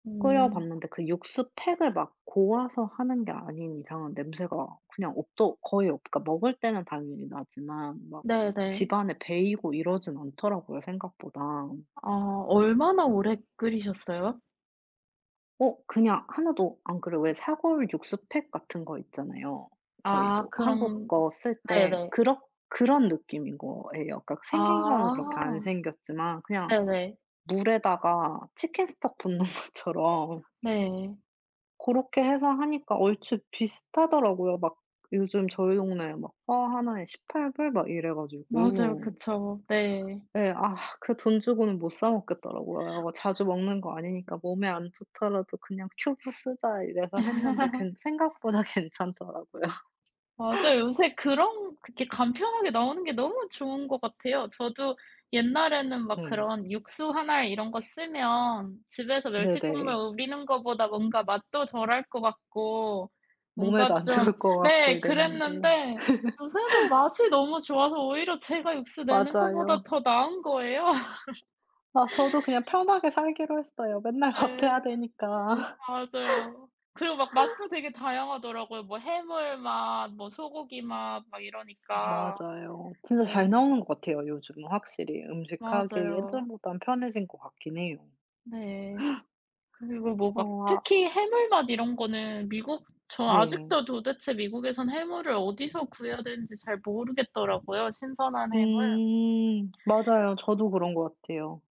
끓여 음. 봤는데 그 육수 팩을 막 고아서 하는 게 아닌 이상은 냄새가 그냥 없더 거의 없 그니까 먹을 때는 당연히 나지만 막 네네. 집안에 배고 이러진 않더라고요 생각보다. 아 얼마나 오래 끓이셨어요? 어 그냥 하나도 안 그래요. 왜 사골 육수 팩 같은 거 있잖아요. 저희 아 뭐 한국 그럼 거 쓸 때 네네. 그렇 그런 느낌인 거예요. 그니까 생긴 거는 그렇게 안 아. 생겼지만 그냥 네네. 물에다가 치킨스톡 붓는 것처럼 네. 고렇게 해서 하니까 얼추 비슷하더라고요. 막 요즘 저희 동네에 포 하나에 $18 막 이래 맞아요. 가지고 그쵸. 네. 예. 아 그 돈 주고는 못 사 먹겠더라고요. '뭐 자주 먹는 거 아니니까 몸에 안 좋더라도 그냥 큐브 쓰자.' 어 이래서 했는데 괜 생각보다 괜찮더라고요. 맞아요. 요새 그런 그렇게 간편하게 나오는 게 너무 좋은 것 같아요. 저도 옛날에는 막 네. 그런 육수 1 알 이런 거 쓰면 집에서 멸치 국물 네네. 우리는 거보다 뭔가 맛도 덜할 것 같고 뭔가 몸에도 안 좀 좋을 것 같고 네 이랬는데. 그랬는데 요새는 맛이 너무 좋아서 오히려 제가 육수 내는 것보다 맞아요. 더 나은 거예요. 아 저도 그냥 편하게 살기로 했어요. 맨날 밥 해야 네. 되니까. 맞아요. 그리고 막 맛도 되게 다양하더라고요. 뭐 해물맛 뭐 소고기맛 막 이러니까. 맞아요. 진짜 네. 잘 나오는 것 같아요. 요즘은 확실히 음식 하기 맞아요. 예전보단 편해진 것 같긴 해요. 네. 그리고 뭐 어 막 아 특히 해물맛 이런 거는 미국 저 네. 아직도 도대체 미국에선 해물을 어디서 구해야 되는지 잘 모르겠더라고요, 신선한 해물. 음. 맞아요. 저도 그런 것 같아요.